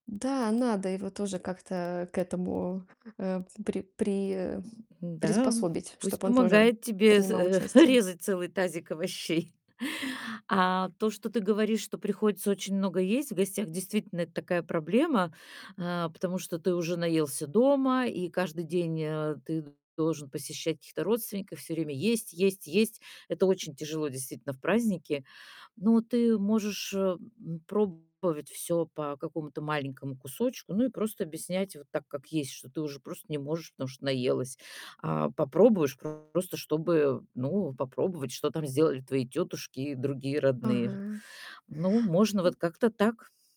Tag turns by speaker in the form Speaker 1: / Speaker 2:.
Speaker 1: Да, надо его тоже как-то к этому, э, при при э,
Speaker 2: М, да,
Speaker 1: приспособить,
Speaker 2: пусть
Speaker 1: чтоб он тоже
Speaker 2: помогает тебе з
Speaker 1: принимал
Speaker 2: э,
Speaker 1: участие.
Speaker 2: резать целый тазик овощей. А то, что ты говоришь, что приходится очень много есть в гостях, действительно, это такая проблема, э, потому что ты уже наелся дома, и каждый день, э, ты должен посещать каких-то родственников. Всё время есть, есть, есть. Это очень тяжело, действительно, в праздники. Но ты можешь, э, м, пробовать всё по какому-то маленькому кусочку. Ну и просто объяснять вот так, как есть, что ты уже просто не можешь, потому что наелась. А, попробуешь просто чтобы, ну, попробовать, что там сделали твои тётушки и другие родные.
Speaker 1: Ага.
Speaker 2: Ну, можно
Speaker 1: М.
Speaker 2: вот как-то так.